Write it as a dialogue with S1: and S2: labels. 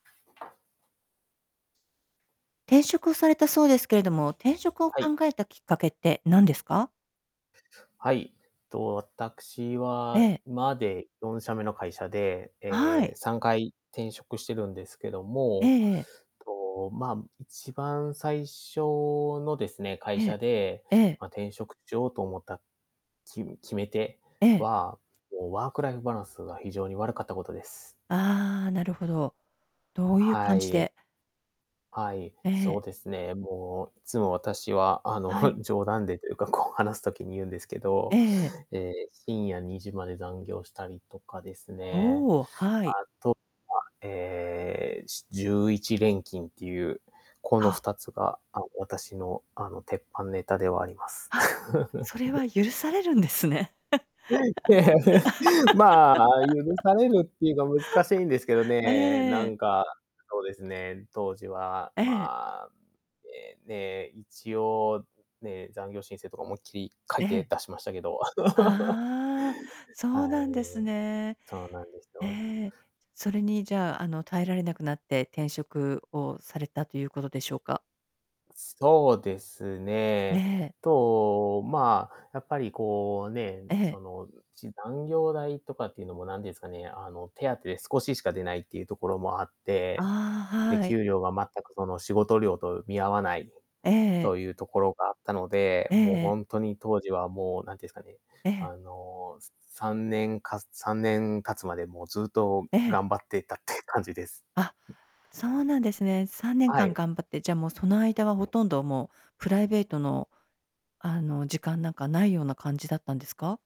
S1: 転職されたそうですけれども、転職を考
S2: はい。
S1: えたきっかけってなんですか？
S2: はい。と、私
S1: え
S2: は
S1: え。
S2: 今で4社目の会社で、
S1: は
S2: え、
S1: い。
S2: 3回転職してるんですけど
S1: え
S2: も、
S1: えええ。
S2: と、ま、一番最初のですね、会
S1: え
S2: 社
S1: え、
S2: で、
S1: ええ。
S2: ま、転職しようと思った、き決め手
S1: ええ。
S2: は、もうワークライフバランスが非常に悪かったことです。
S1: ああ、なるほど。どういう
S2: は
S1: 感じ
S2: い。
S1: で。
S2: はい、
S1: え
S2: そう
S1: え。
S2: ですね。もう、いつも私は、あ
S1: はい。
S2: の、冗談でというか、こう話す時に言うんですけど、
S1: ええ。
S2: ええ、深夜2時まで残業したりとかですね。
S1: おお、
S2: あ
S1: はい。
S2: とは、ええ、し11連勤っていう、このふ
S1: あ。
S2: たつが、あ、私のあの、鉄板ネタではあります。
S1: あ、それ は許されるんですね。
S2: はい、まあ、許 されるっていうか難しいんですけど
S1: え
S2: ね、
S1: え
S2: な
S1: ええ。
S2: んか、そうですね、当時は、
S1: ええ。
S2: まあ、ええ、ねえ、一応、うん、ね、残業申請とか思いっきり書い
S1: え
S2: て
S1: え。
S2: 出しましたけど。
S1: ああ。そ
S2: は
S1: うなんです
S2: い。
S1: ね。
S2: そうなんです
S1: へ
S2: よ。
S1: え。それにじゃあ、あの、耐えられなくなって転職をされたということでしょうか？
S2: そうですね。
S1: ね。
S2: と、まあ、やっぱりこうね、
S1: ええ。
S2: その、うじ残業代とかっていうのもなんですかね、あの、手当て少ししか出ないっていうところもあって、
S1: ああ、
S2: で、
S1: はい。
S2: 給料が全くその仕事量と見合わない、
S1: ええ。
S2: というところがあったので、
S1: ええ
S2: もう
S1: ええ。
S2: ほんとに当時はもうなんていうんすかね、
S1: ええ。
S2: あの、す3年か3年経つまでもうずっと
S1: ええ。
S2: 頑張ってたって感じです。
S1: あ、そうなんですね。さんねん
S2: は
S1: かん
S2: い。
S1: 頑張って、じゃあ、もうその間はほとんどもうプライベートの、あの、時間なんか無いような感じだったんですか？